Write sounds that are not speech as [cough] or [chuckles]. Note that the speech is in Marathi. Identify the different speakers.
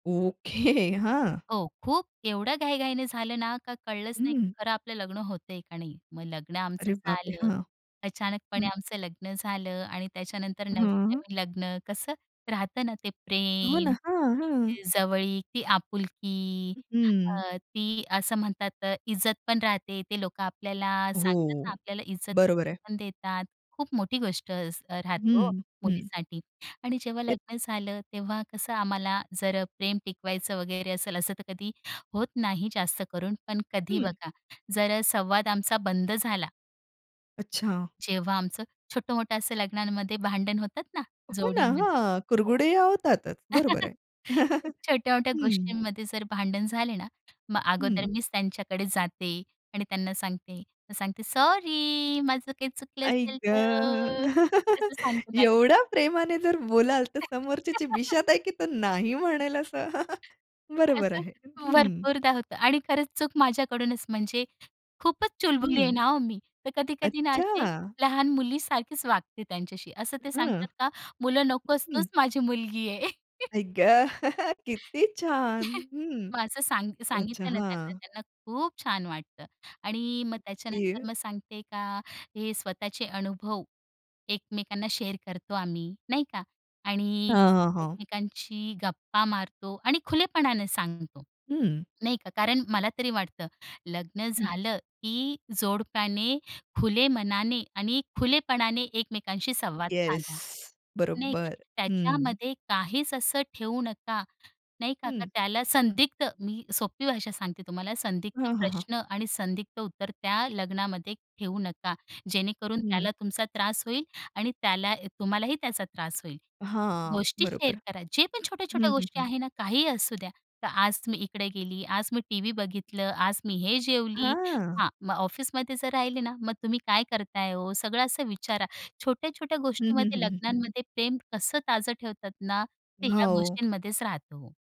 Speaker 1: ओके हां.
Speaker 2: हो खूप एवढ्या घाई-घाईने झालं ना का कळलंच नाही
Speaker 1: हं.
Speaker 2: खरं आपलं लग्न होतंय का नाही? मग लग्न आमचं
Speaker 1: अरे बाप रे!
Speaker 2: झालं,
Speaker 1: हां.
Speaker 2: अचानकपणे
Speaker 1: हं
Speaker 2: आमचं लग्न झालं आणि त्याच्यानंतर
Speaker 1: हं, हं.
Speaker 2: नवीन-नवीन लग्न कसं राहतं ना ते
Speaker 1: हो ना
Speaker 2: प्रेम.
Speaker 1: हां, हां.
Speaker 2: जवळीक ती आपुलकी
Speaker 1: हं.
Speaker 2: अ, ती असं म्हणतात इज्जत पण राहते ते लोक आपल्याला सांगतात ना,
Speaker 1: हो.
Speaker 2: आपल्याला इज्जत
Speaker 1: बरोबर
Speaker 2: वगैरे
Speaker 1: आहे.
Speaker 2: पण देतात खूप मोठी गोष्ट असते राहते हो
Speaker 1: हं, हं.
Speaker 2: मुलीसाठी आणि जेव्हा लग्न झालं तेव्हा कसं आम्हाला जर प्रेम टिकवायचं वगैरे असेल असं तर कधी होत नाही जास्त करून पण कधी
Speaker 1: हं.
Speaker 2: बघा जर अ, संवाद आमचा बंद झाला.
Speaker 1: अच्छा.
Speaker 2: जेव्हा आमचं छोटं-मोठं असं लग्नांमध्ये भांडण होतात ना
Speaker 1: हो ना
Speaker 2: जोडीमध्ये.
Speaker 1: हां
Speaker 2: हो.
Speaker 1: कुरघुडे होतातच बरोबर
Speaker 2: [laughs]
Speaker 1: आहे. [chuckles]
Speaker 2: छोट्या-मोठ्या
Speaker 1: हं.
Speaker 2: गोष्टींमध्ये जर भांडण झाले ना मग अगोदर
Speaker 1: हं.
Speaker 2: मीच त्यांच्याकडे जाते आणि त्यांना सांगते मग सांगते सॉरी माझं काही चुकलं
Speaker 1: आई
Speaker 2: असेल
Speaker 1: ग!
Speaker 2: तर तसं
Speaker 1: [chuckles]
Speaker 2: सांगते त्यांना.
Speaker 1: एवढ्या प्रेमाने जर बोलाल तर समोरच्याची
Speaker 2: [laughs]
Speaker 1: बिशात आहे की तो नाही म्हणेल असं [chuckles] बरोबर आहे.
Speaker 2: असं
Speaker 1: हं.
Speaker 2: भरपूरदा होतं आणि खरंच चूक माझ्याकडूनच म्हणजे खूपच चुलबुली आहे
Speaker 1: हं.
Speaker 2: ना हो मी. तर कधी-कधी ना अशी
Speaker 1: अच्छा.
Speaker 2: लहान मुली सारखीच वागते त्यांच्याशी. असं ते
Speaker 1: हं.
Speaker 2: सांगतात का मुलं नकोच
Speaker 1: हं.
Speaker 2: तूच माझी मुलगी आहे. [laughs]
Speaker 1: आई ग! [chuckles] किती छान
Speaker 2: [chuckles]
Speaker 1: हं
Speaker 2: मग असं सांग
Speaker 1: अच्छा
Speaker 2: सांगितलं ना त्यांना
Speaker 1: हां.
Speaker 2: त्यांना खूप छान वाटतं. आणि मग
Speaker 1: ओके.
Speaker 2: त्याच्यानंतर मग सांगते का हे स्वतःचे अनुभव एकमेकांना शेअर करतो आम्ही नाही का? आणि
Speaker 1: हां, हां, हां.
Speaker 2: एकमेकांशी गप्पा मारतो आणि खुलेपणाने सांगतो.
Speaker 1: हं.
Speaker 2: नाही का कारण मला तरी वाटतं लग्न
Speaker 1: हं.
Speaker 2: झालं की जोडप्याने खुले मनाने आणि खुलेपणाने एकमेकांशी संवाद
Speaker 1: येस
Speaker 2: साधा. नाही का
Speaker 1: बरोबर हं.
Speaker 2: त्याच्यामध्ये काहीच असं ठेवू नका. नाही का, क
Speaker 1: हं.
Speaker 2: त्याला संदिग्ध मी सोपी भाषा सांगते तुम्हाला संदिग्ध
Speaker 1: हां, हां, हां.
Speaker 2: प्रश्न आणि संदिग्ध उत्तर त्या लग्नामध्ये ठेवू नका. जेणेकरून त्याला
Speaker 1: हं.
Speaker 2: तुमचा त्रास होईल आणि त्याला तुम्हालाही त्याचा त्रास होईल.
Speaker 1: हां,
Speaker 2: गोष्टी शेअर
Speaker 1: बरोबर.
Speaker 2: करा जे पण छोट्या-छोट्या
Speaker 1: हं, हं,
Speaker 2: गोष्टी
Speaker 1: हं.
Speaker 2: आहे ना काहीही असू द्या तर आज तुम्ही इकडे गेली आज मी टीव्ही बघितलं आज मी हे जेवली
Speaker 1: हां.
Speaker 2: हां. मग ऑफिसमध्ये जर राहिले ना मग तुम्ही काय करताय हो सगळं असं विचारा. छोट्या-छोट्या
Speaker 1: हं, हं.
Speaker 2: गोष्टींमध्ये
Speaker 1: हं, हं, हं.
Speaker 2: लग्नांमध्ये प्रेम कसं ताजं ठेवतात ना ते ह्या
Speaker 1: हो.
Speaker 2: गोष्टींमध्येच राहतं हो.